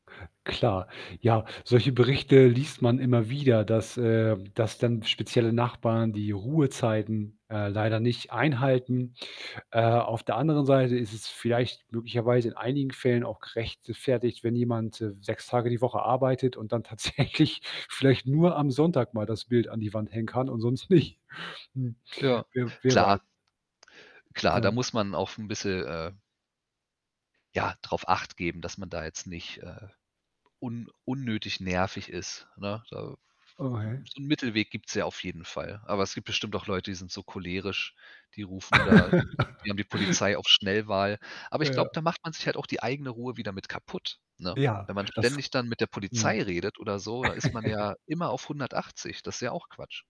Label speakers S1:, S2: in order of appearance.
S1: Klar. Ja, solche Berichte liest man immer wieder, dass, äh dass dann spezielle Nachbarn die Ruhezeiten, äh, leider nicht einhalten. Äh, auf der anderen Seite ist es vielleicht möglicherweise in einigen Fällen auch gerechtfertigt, wenn jemand, äh, 6 Tage die Woche arbeitet und dann tatsächlich vielleicht nur am Sonntag mal das Bild an die Wand hängen kann und sonst nicht. Hm.
S2: Ja.
S1: Wer wer weiß.
S2: Klar. Klar, da
S1: Ja.
S2: muss man auch 'n bisschen, äh ja, drauf acht geben, dass man da jetzt nicht, äh, un unnötig nervig ist, ne? Da
S1: Oh, hey.
S2: 'n so 'n Mittelweg gibt's ja auf jeden Fall. Aber es gibt bestimmt auch Leute, die sind so cholerisch, die rufen da die haben die Polizei auf Schnellwahl. Aber ich glaube,
S1: Ja.
S2: da macht man sich halt auch die eigene Ruhe wieder mit kaputt, ne?
S1: Ja,
S2: Wenn man
S1: das
S2: ständig dann mit der Polizei
S1: mhm.
S2: redet oder so, da ist man ja immer auf 180. Das ist ja auch Quatsch.